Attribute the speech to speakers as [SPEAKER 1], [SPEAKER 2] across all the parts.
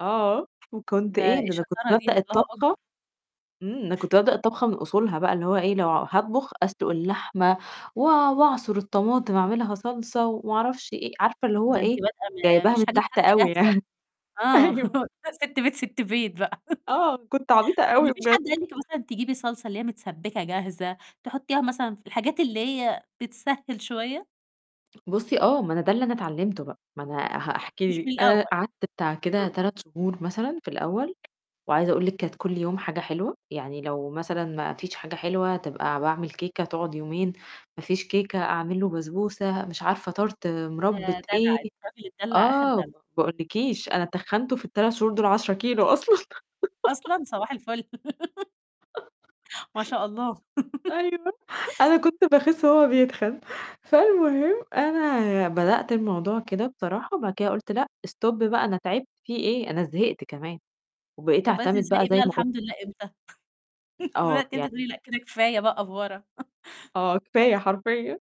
[SPEAKER 1] آه، وكنت
[SPEAKER 2] ده
[SPEAKER 1] إيه
[SPEAKER 2] إيه
[SPEAKER 1] ده أنا كنت
[SPEAKER 2] الشطارة دي،
[SPEAKER 1] بابدأ
[SPEAKER 2] الله أكبر.
[SPEAKER 1] الطبخة إمم، أنا كنت بابدا الطبخة من أصولها بقى اللي هو إيه لو هاطبخ أسلق اللحمة و وأعصر الطماطم اعملها صلصة وما أعرفش إيه، عارفة اللي هو
[SPEAKER 2] ده أنتِ
[SPEAKER 1] إيه
[SPEAKER 2] بادئه ما ما
[SPEAKER 1] جايباها
[SPEAKER 2] فيش
[SPEAKER 1] من
[SPEAKER 2] حاجات
[SPEAKER 1] تحت أوي
[SPEAKER 2] جاهزة،
[SPEAKER 1] يعني،
[SPEAKER 2] آه،
[SPEAKER 1] أيوه.
[SPEAKER 2] لأ سِت بيت، سِت بيت بقى
[SPEAKER 1] آه، كنت عبيطة
[SPEAKER 2] طَب ما
[SPEAKER 1] أوي
[SPEAKER 2] فيش حد
[SPEAKER 1] بجد.
[SPEAKER 2] قال لِك مثلًا تجيبي صلصة اللي هي متسبكة جاهزة تحطيها مثلًا ف الحاجات اللي هي بتسهّل شوية؟
[SPEAKER 1] بُصي آه، ما أنا ده اللي أنا اتعلمته بقى، ما أنا هح
[SPEAKER 2] مش
[SPEAKER 1] هاحكي لِك
[SPEAKER 2] من
[SPEAKER 1] أنا
[SPEAKER 2] الأول
[SPEAKER 1] قعدت بتاع كده 3 شهور مثلًا في الأول، وعايزة أقُول لِك كانت كل يوم حاجة حلوة، يعني لو مثلًا ما فيش حاجة حلوة تبقى باعمل كيكة تقعد يومين، ما فيش كيكة أعمل له بسبوسة مش عارفة Tart
[SPEAKER 2] ده
[SPEAKER 1] مُربّة
[SPEAKER 2] دَلع،
[SPEAKER 1] إيه،
[SPEAKER 2] الراجل اتدّلع آخر
[SPEAKER 1] آه، م
[SPEAKER 2] دَلَع.
[SPEAKER 1] ما أقولكيش أنا تخّنته في
[SPEAKER 2] إمم.
[SPEAKER 1] ال3 شهور دول 10 كيلو أصلًا
[SPEAKER 2] أصلًا! صباح الفُل ما شاء الله
[SPEAKER 1] أيوه أنا كنت باخس وهو بيتخن، فالمهم أنا بدأت الموضوع كده بصراحة وبعد كده قلت: "لأ stop بقى أنا تعبت فيه إيه أنا زهقت كمان" وبقيت
[SPEAKER 2] طََب بدأتِ
[SPEAKER 1] أعتمد بقى
[SPEAKER 2] تزهقي
[SPEAKER 1] زي
[SPEAKER 2] بقى
[SPEAKER 1] ما ك
[SPEAKER 2] الحمد لله إمتى؟
[SPEAKER 1] آه
[SPEAKER 2] بدأتِ إمتي
[SPEAKER 1] يعني
[SPEAKER 2] تقولي لأ كده كفاية بقى أفورة
[SPEAKER 1] آه كفاية حرفيًا،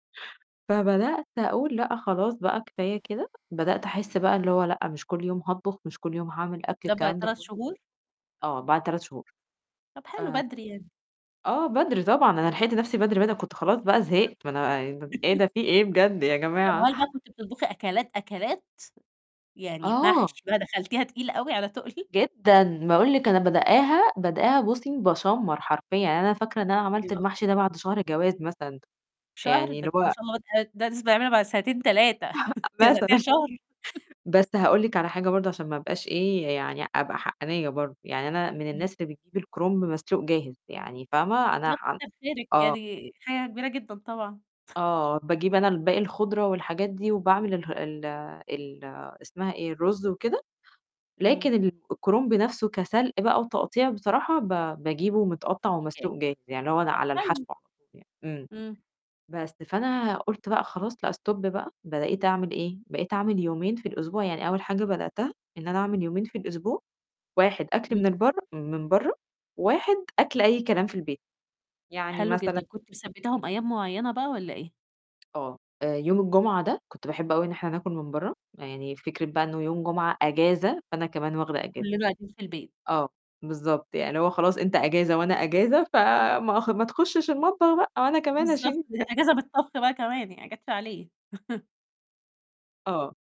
[SPEAKER 1] فبدأت أقُول لأ خلاص بقى كفاية كده بدأت أحس بقى اللي هو لأ مش كل يوم هاطبخ، مش كل يوم هاعمل أكل الكلام
[SPEAKER 2] [unintelligible]
[SPEAKER 1] ده
[SPEAKER 2] 3
[SPEAKER 1] كُلّه،
[SPEAKER 2] شهور؟
[SPEAKER 1] آه بعد 3 شهور،
[SPEAKER 2] طَب حلو
[SPEAKER 1] آآ
[SPEAKER 2] بدري يعني.
[SPEAKER 1] آه، بدري طبعًا أنا لحقت نَفْسي بدري بدر أنا كنت خلاص بقى
[SPEAKER 2] شاطرة
[SPEAKER 1] زهقت ما أنا ب إيه ده في إيه بجد يا
[SPEAKER 2] طَب
[SPEAKER 1] جماعة.
[SPEAKER 2] وهل بقى كنتِ بتطبخي أكلات، أكلات؟ يعني
[SPEAKER 1] آه.
[SPEAKER 2] محشي بقى دخلتيها تقيل أوي على تقل؟
[SPEAKER 1] جدًا، باقُول لِك أنا بادءاها، بادءاها، بُصي باشمّر حرفيًا يعني أنا فاكرة إن أنا عملت
[SPEAKER 2] الله
[SPEAKER 1] المحشي ده
[SPEAKER 2] أكبر.
[SPEAKER 1] بعد شهر جواز مثلًا
[SPEAKER 2] شهر،
[SPEAKER 1] يعني
[SPEAKER 2] ده
[SPEAKER 1] اللي
[SPEAKER 2] أنتِ ما
[SPEAKER 1] هو
[SPEAKER 2] شاء الله بادئه [unintelligible] بعد سنتين 3 أنتِ بدأتيها
[SPEAKER 1] مثلًا
[SPEAKER 2] شهر
[SPEAKER 1] بس هاقول لِك على حاجة برضه عشان ما أبقاش إيه يعني أبقى حقانيّة برضه، يعني أنا من
[SPEAKER 2] إمم.
[SPEAKER 1] الناس اللي بتجيب الكرنب مسلوق جاهز، يعني فاهمة أنا
[SPEAKER 2] لأ
[SPEAKER 1] حن
[SPEAKER 2] كتّر خيرِك
[SPEAKER 1] آه.
[SPEAKER 2] يعني حاجة كبيرة جدًا طبعًا
[SPEAKER 1] آه باجيب أنا الباقي الخُضرة والحاجات دي وباعمل اله ال ال اسمها إيه الرز وكده،
[SPEAKER 2] إمم.
[SPEAKER 1] لكن الكرنب نَفْسه كسلق بقى وتقطيع بصراحة ب باجيبه متقطّع ومسلوق
[SPEAKER 2] إيجاز
[SPEAKER 1] جاهز، يعني اللي هو لأ
[SPEAKER 2] طَب
[SPEAKER 1] على الحشو
[SPEAKER 2] حلو.
[SPEAKER 1] على طول يعني، إمم،
[SPEAKER 2] إمم.
[SPEAKER 1] بس فأنا قُلت بقى: "خلاص لأ stop بقى،" بقيت أعمل إيه بقيت أعمل يومين في الأسبوع يعني أول حاجة بدأتها إن أنا أعمل يومين في الأسبوع، 1 أكل من
[SPEAKER 2] اهم.
[SPEAKER 1] البرّه من بَرّه، 1 أكل أي كلام في البيت يعني
[SPEAKER 2] حلو جدًا
[SPEAKER 1] مثلًا
[SPEAKER 2] كنتِ مثبتاهم أيام معيّنة بقى والّا إيه؟
[SPEAKER 1] آه، يوم الجمعة ده كنت باحب أوي إن إحنا ناكل من بَرّه، يعني فكرة بقى إنه يوم جمعة أجازة فأنا كمان واخدة أجازة.
[SPEAKER 2] فكلنا قاعدين في البيت.
[SPEAKER 1] آه، بالضبط، يعني اللي هو خلاص أنت أجازة وأنا أجازة ف ما ما تخشش المطبخ بقى أو أنا كمان
[SPEAKER 2] بالضبط،
[SPEAKER 1] اشيل
[SPEAKER 2] دي
[SPEAKER 1] [unintelligible]
[SPEAKER 2] أجازة من الطبخ بقى كمان يعني ما جاتش عليه
[SPEAKER 1] آه.